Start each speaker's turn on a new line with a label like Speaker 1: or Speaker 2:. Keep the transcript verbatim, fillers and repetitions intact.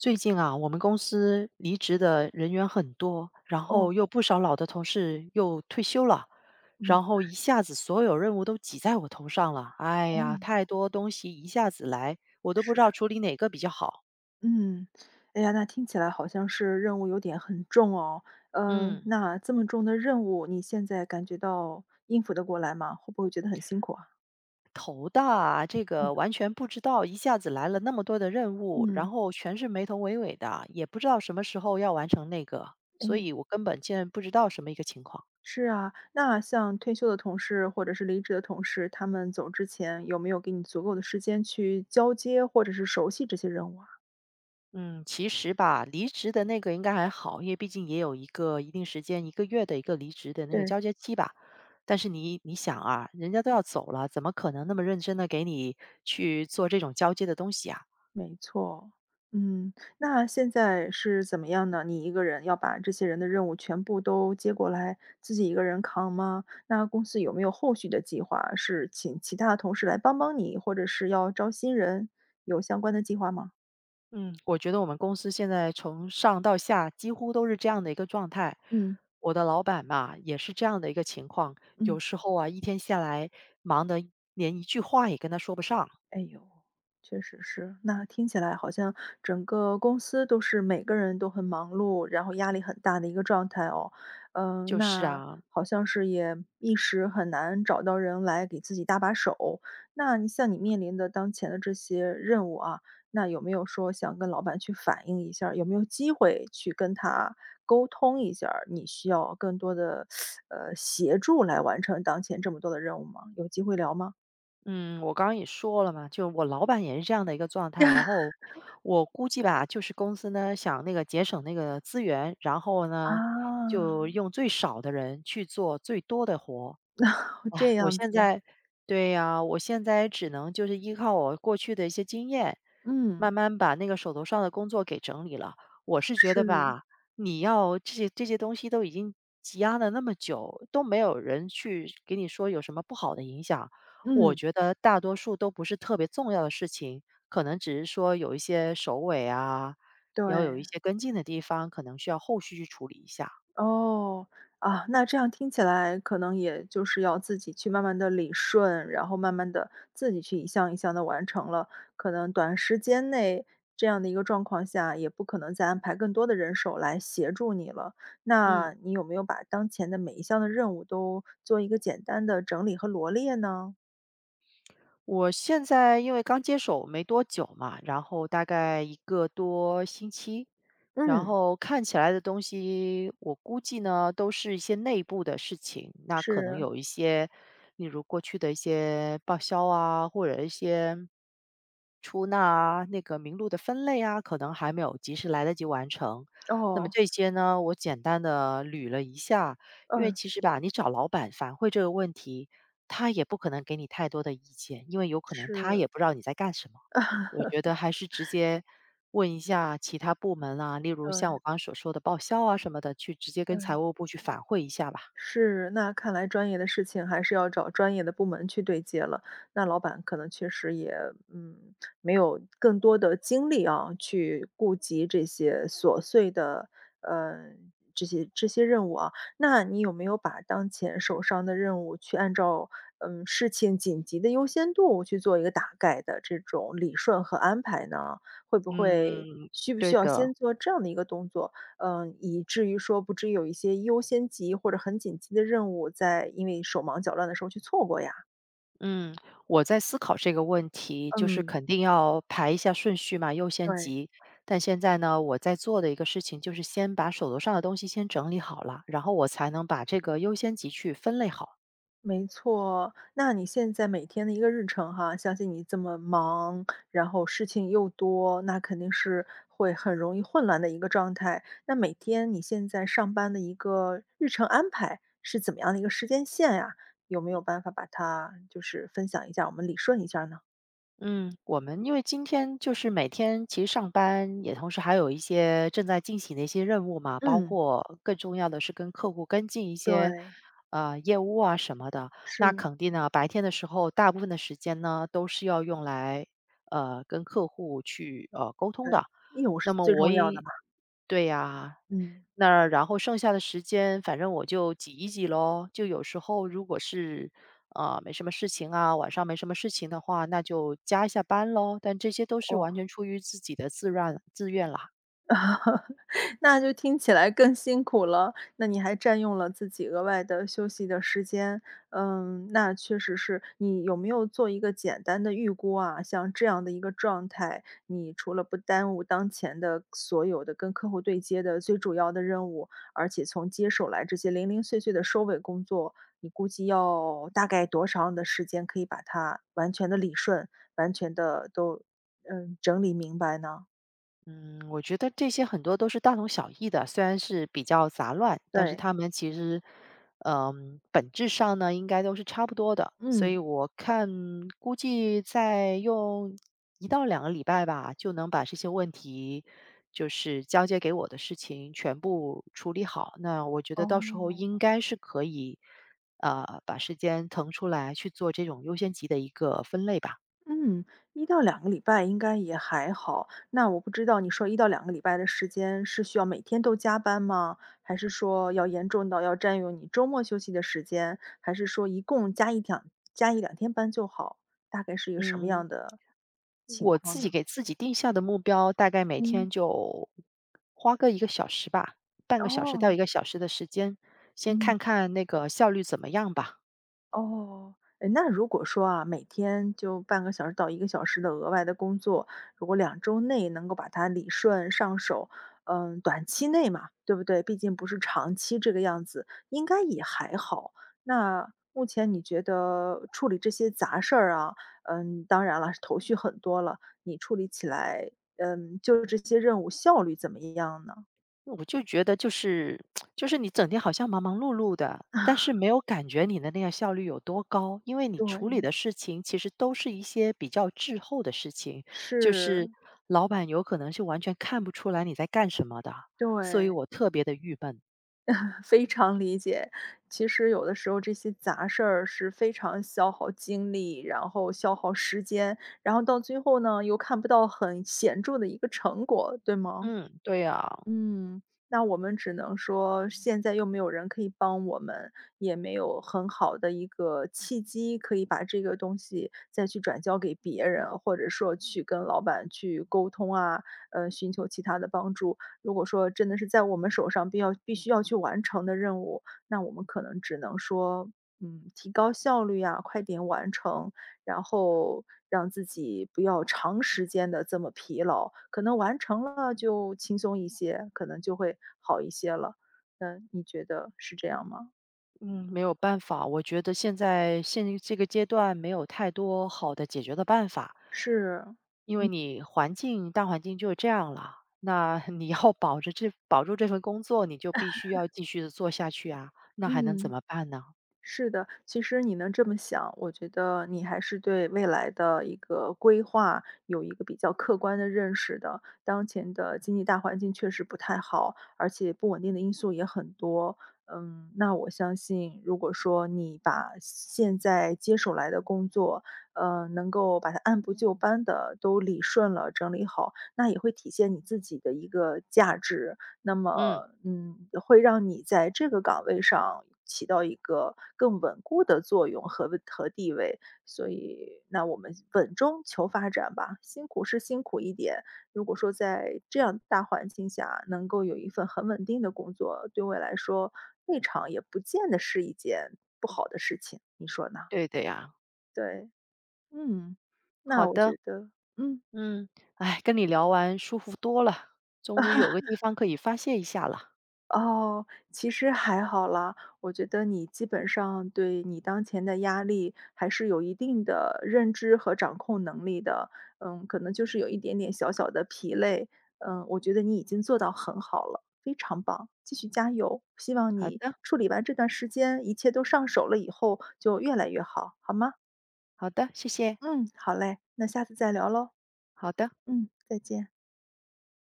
Speaker 1: 最近啊，我们公司离职的人员很多，然
Speaker 2: 哦。
Speaker 1: 后又不少老的同事又退休了，
Speaker 2: 嗯。
Speaker 1: 然后一下子所有任务都挤在我头上了。哎呀，
Speaker 2: 嗯。
Speaker 1: 太多东西一下子来，我都不知
Speaker 2: 是。
Speaker 1: 道处理哪个比较好。
Speaker 2: 嗯。哎呀，那听起来好像是任务有点很重哦。嗯，
Speaker 1: 嗯。
Speaker 2: 那，这么重的任务，你现在感觉到应付得过来吗？会不会觉得很辛苦啊？
Speaker 1: 头大，这
Speaker 2: 哎哟。
Speaker 1: 个完全不知道一下子来了那么多的任务，然
Speaker 2: 嗯。
Speaker 1: 后全是没头维尾的，也不知道什么时候要完成那个，所
Speaker 2: 哎。
Speaker 1: 以我根本现在不知道什么一个情况。
Speaker 2: 是啊，那像退休的同事或者是离职的同事，他们走之前，有没有给你足够的时间去交接或者是熟悉这些任务啊？
Speaker 1: 嗯，其实吧，离职的那个应该还好，因为毕竟也有一个一定时间，一个月的一个离职的那个
Speaker 2: 对。
Speaker 1: 交接期吧。但是你你想啊，人家都要走了，怎么可能那么认真地给你去做这种交接的东西啊？
Speaker 2: 没错，嗯。那现在是怎么样呢？你一个人要把这些人的任务全部都接过来，自己一个人扛吗？那公司有没有后续的计划，是请其他同事来帮帮你，或者是要招新人？有相关的计划吗？
Speaker 1: 嗯，我觉得我们公司现在从上到下几乎都是这样的一个状态。
Speaker 2: 嗯。
Speaker 1: 我的老板嘛，也是这样的一个情况，有
Speaker 2: 嗯。
Speaker 1: 时候啊，一天下来，忙得连一句话也跟他说不上。
Speaker 2: 哎哟，确实是。那听起来好像整个公司都是每个人都很忙碌，然后压力很大的一个状态哦。嗯，
Speaker 1: 就是
Speaker 2: 那，
Speaker 1: 啊。
Speaker 2: 好像是也一时很难找到人来给自己搭把手，那你像你面临的当前的这些任务啊，那有没有说想跟老板去反映一下儿？有没有机会去跟他沟通一下儿，你需要更多的，呃，协助来完成当前这么多的任务吗？有机会聊吗？
Speaker 1: 嗯，我刚刚也说了嘛，就我老板也是这样的一个状态，然后，我估计吧，就是公司呢，想那个节省那个资源，然后呢，就
Speaker 2: 啊。
Speaker 1: 用最少的人去做最多的活。
Speaker 2: 这
Speaker 1: 我
Speaker 2: 样
Speaker 1: 现
Speaker 2: 子。
Speaker 1: 在对呀，我现在只能就是依靠我过去的一些经验，慢
Speaker 2: 嗯。
Speaker 1: 慢把那个手头上的工作给整理了。我是觉得
Speaker 2: 是。
Speaker 1: 吧，你要这些这些东西都已经积压了那么久，都没有人去给你说有什么不好的影响，我
Speaker 2: 嗯。
Speaker 1: 觉得大多数都不是特别重要的事情，可能只是说有一些收尾啊，要有一
Speaker 2: 对。
Speaker 1: 些跟进的地方，可能需要后续去处理一下。
Speaker 2: 哦。啊，那这样听起来，可能也就是要自己去慢慢地理顺，然后慢慢地，自己去一项一项地完成了，可能短时间内这样的一个状况下，也不可能再安排更多的人手来协助你了。
Speaker 1: 嗯。
Speaker 2: 那你有没有把当前的每一项的任务，都做一个简单的整理和罗列呢？
Speaker 1: 我现在因为刚接手没多久嘛，然后大概一个多星期，然
Speaker 2: 嗯。
Speaker 1: 后看起来的东西我估计呢，都是一些内部的事情，那可能
Speaker 2: 是。
Speaker 1: 有一些例如过去的一些报销啊，或者一些出纳啊，那个名录的分类啊，可能还没有及时来得及完成，那么
Speaker 2: 哦。
Speaker 1: 这些呢我简单地捋了一下，因为
Speaker 2: 嗯。
Speaker 1: 其实吧，你找老板反会这个问题，他也不可能给你太多的意见，因为有可能他也
Speaker 2: 是。
Speaker 1: 不知道你在干什么。我觉得 还是直接，问一下其他部门啊，例如像
Speaker 2: 对。
Speaker 1: 我刚刚所说的报销啊什么的，去直接跟财
Speaker 2: 对。
Speaker 1: 务部去反会一下吧。
Speaker 2: 是，那看来专业的事情还是要找专业的部门去对接了，那老板可能确实也，嗯，没有更多的精力啊，去顾及这些琐碎的，呃，这些这些任务啊。那你有没有把当前手上的任务，去按照，嗯，事情紧急的优先度去做一个大概的这种理顺和安排呢？会不会
Speaker 1: 嗯，
Speaker 2: 需不
Speaker 1: 对
Speaker 2: 需要
Speaker 1: 的。
Speaker 2: 先做这样的一个动作？呃，
Speaker 1: 嗯。
Speaker 2: 以至于说，不至于有一些优先级或者很紧急的任务，再因为手忙脚乱的时候去错过呀？
Speaker 1: 嗯，我在思考这个问题。就是
Speaker 2: 嗯。
Speaker 1: 肯定要排一下顺序嘛优先
Speaker 2: 对。
Speaker 1: 级。但现在呢，我在做的一个事情就是先把手头上的东西先整理好啦，然后我才能把这个优先级去分类好。
Speaker 2: 没错。那你现在每天的一个日程哈相信你这么忙，然后事情又多，那肯定是，会很容易混乱的一个状态。那每天你现在上班的一个日程安排，是怎么样的一个时间线呀？有没有办法把它就是分享一下我们理顺一下儿呢？
Speaker 1: 嗯，我们因为今天就是每天，其实上班，也同时还有一些正在进行的一些任务嘛。包
Speaker 2: 嗯。
Speaker 1: 括更重要的是跟客户跟进一些，
Speaker 2: 对。
Speaker 1: 呃，业务啊什么的。那
Speaker 2: 是。
Speaker 1: 肯定呢，白天的时候，大部分的时间呢，都是要用来，呃，跟客户去，呃，沟通
Speaker 2: 对，
Speaker 1: 的。
Speaker 2: 业务是
Speaker 1: 那么
Speaker 2: 最
Speaker 1: 我
Speaker 2: 重要的
Speaker 1: 也
Speaker 2: 嘛。
Speaker 1: 对啊，
Speaker 2: 嗯。
Speaker 1: 那，然后剩下的时间，反正我就挤一挤咯。就有时候如果是，呃，没什么事情啊晚上没什么事情的话，那就加一下班咯。但这些都是完
Speaker 2: 哦。
Speaker 1: 全出于自己的自软自愿啦。
Speaker 2: 那就听起来更辛苦了。那你还占用了自己额外的休息的时间。嗯，那确实是，你有没有做一个简单的预估啊？像这样的一个状态，你除了不耽误当前的，所有的跟客户对接的最主要的任务，而且从接手来这些零零碎碎的收尾工作。你估计要大概多长的时间可以把它，完全地理顺，完全地都呃，整理明白呢？
Speaker 1: 嗯，我觉得这些很多都是大同小异的，虽然是比较杂乱。但是
Speaker 2: 对。
Speaker 1: 它们其实，呃，本质上呢，应该都是差不多的。所以
Speaker 2: 嗯。
Speaker 1: 我看，估计再用，一到两个礼拜吧，就能把这些问题就是，交接给我的事情，全部处理好。那我觉得到时候应
Speaker 2: 哦。
Speaker 1: 该是可以，呃，把时间腾出来去做这种优先级的一个分类吧。
Speaker 2: 嗯。一到两个礼拜应该也还好。那我不知道你说一到两个礼拜的时间，是需要每天都加班吗？还是说，要严重到要占用你周末休息的时间？还是说一共加一两加一两天班就好。大概是一个什么样
Speaker 1: 嗯。
Speaker 2: 的情
Speaker 1: 我自
Speaker 2: 况
Speaker 1: 己
Speaker 2: 呢？
Speaker 1: 给自己定下的目标，大概每
Speaker 2: 嗯。
Speaker 1: 天就花个一个小时吧。半个小时到
Speaker 2: 哦。
Speaker 1: 一个小时的时间。先
Speaker 2: 嗯。
Speaker 1: 看看那个效率怎么样吧。
Speaker 2: 哦，哎，那如果说啊，每天就半个小时到一个小时的额外的工作，如果两周内能够把它理顺上手，呃，短期内嘛，对不对？毕竟不是长期这个样子，应该也还好。那目前你觉得处理这些杂事儿啊，呃，当然了，头绪很多了，你处理起来，嗯，就这些任务效率怎么样呢？
Speaker 1: 我就觉得就是 就是你整天好像忙忙碌碌的，但是 没有感觉你的那个效率有多高，因为你处理
Speaker 2: 对。
Speaker 1: 的事情其实都是一些比较滞后的事情，就
Speaker 2: 是。
Speaker 1: 是老板有可能是完全看不出来你在干什么的，所以
Speaker 2: 对。
Speaker 1: 我特别地郁闷。
Speaker 2: 非常理解。其实有的时候这些杂事儿是非常消耗精力，然后消耗时间，然后到最后呢，又看不到很显著的一个成果，对吗？
Speaker 1: 嗯，对呀。
Speaker 2: 嗯，那我们只能说现在又没有人可以帮我们，也没有很好的一个契机，可以把这个东西再去转交给别人，或者说去跟老板去沟通啊，呃，寻求其他的帮助。如果说真的是在我们手上必要必须需要去完成的任务，那我们可能只能说，嗯，提高效率呀，快点完成，然后让自己不要长时间地这么疲劳，可能完成了就轻松一些，可能就会好一些了。那你觉得是这样吗？
Speaker 1: 嗯，没有办法，我觉得现在现这个阶段没有太多好的解决的办法。
Speaker 2: 是。
Speaker 1: 因为
Speaker 2: 嗯。
Speaker 1: 你环境大环境就这样了，那你要保着这保住这份工作你就必须要 继续地做下去啊，那还能怎
Speaker 2: 嗯。
Speaker 1: 么办呢？
Speaker 2: 是的，其实你能这么想，我觉得你还是对未来的一个规划有一个比较客观的认识的。当前的经济大环境确实不太好，而且不稳定的因素也很多。嗯，那我相信，如果说你把现现在接手来的工作，呃，能够把它按部就班地都理顺了、整理好，那也会体现你自己的一个价值，那
Speaker 1: 嗯。
Speaker 2: 么嗯，会让你在这个岗位上起到一个更稳固的作用和位和地位。所以那我们稳中求发展吧，辛苦是辛苦一点，如果说在这样大环境下能够有一份很稳定的工作，对我来说未尝也不见得是一件不好的事情，你说呢？
Speaker 1: 对的呀。
Speaker 2: 对。嗯。
Speaker 1: 好
Speaker 2: 那我
Speaker 1: 的。
Speaker 2: 觉得嗯。
Speaker 1: 嗯，跟你聊完舒服多了。终于有个地 方可以发泄一下了。
Speaker 2: 哦，其实还好啦。我觉得你基本上对你当前的压力还是有一定的认知和掌控能力的。呃，可能就是有一点点小小的疲累。呃，我觉得你已经做到很好了，非常棒，继续加油。希望
Speaker 1: 好
Speaker 2: 你
Speaker 1: 的。
Speaker 2: 处理完这段时间，一切都上手了以后就越来越好，好吗？
Speaker 1: 好的，谢谢。
Speaker 2: 嗯，好嘞，那下次再聊咯。
Speaker 1: 好的。
Speaker 2: 嗯，再见。